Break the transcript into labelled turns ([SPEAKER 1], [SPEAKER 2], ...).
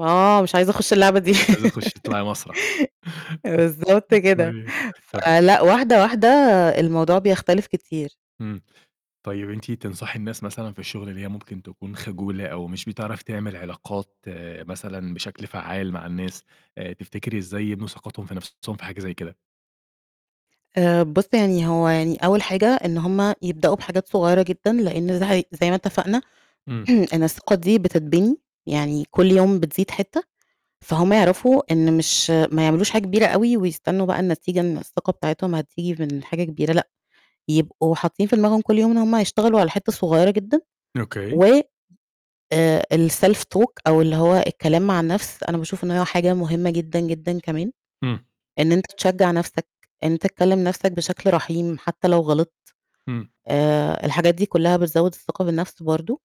[SPEAKER 1] آه، مش عايزة أخُش اللعبة دي.
[SPEAKER 2] عايزة تخُشّي تطلعي مسرح.
[SPEAKER 1] آآ، بالضبط كده.
[SPEAKER 2] كويس، طَب
[SPEAKER 1] فلأ واحدة، واحدة الموضوع بيختلف كتير.
[SPEAKER 2] إمم، طيب أنتِ تنصحي الناس مثلًا في الشُغل اللي هي ممكن تكون خجولة، أو مش بتعرف تعمل علاقات مثلًا بشكل فعّال مع الناس، آآ، تفتكري إزاي يبنوا ثقتهم في نَفْسهم في حاجة زي كده؟
[SPEAKER 1] آآ، بُصّ يعني هو يعني أول حاجة إن هم يبدأوا بحاجات صغيّرة جدًا، لإن ز هي زي ما اتفقنا
[SPEAKER 2] إمم.
[SPEAKER 1] إن الثقة دي بتتبني، يعني كُلّ يوم بتزيد حتّة، فهم يعرفوا إن مش ما يعملوش حاجة كبيرة أوي، ويستنّوا بقى النتيجة إن الثقة بتاعتهم هتيجي من حاجة كبيرة لأ، يبقوا حاطّين في دماغهم كُلّ يوم إن هم هيشتغلوا على حتّة صغيّرة جدًا
[SPEAKER 2] أوكي.
[SPEAKER 1] و آآ، الself talk أو اللي هو الكلام مع النَفْس أنا باشوف إن هي حاجة مُهمّة جدًا، جدًا كمان،
[SPEAKER 2] إمم.
[SPEAKER 1] إن أنت تشجّع نَفْسك، إن أنت تكلّم نَفْسك بشكل رحيم حتى لو غلطت،
[SPEAKER 2] إمم.
[SPEAKER 1] آآ، الحاجات دي كلّها بتزوّد الثقة بالنَفْس برضه.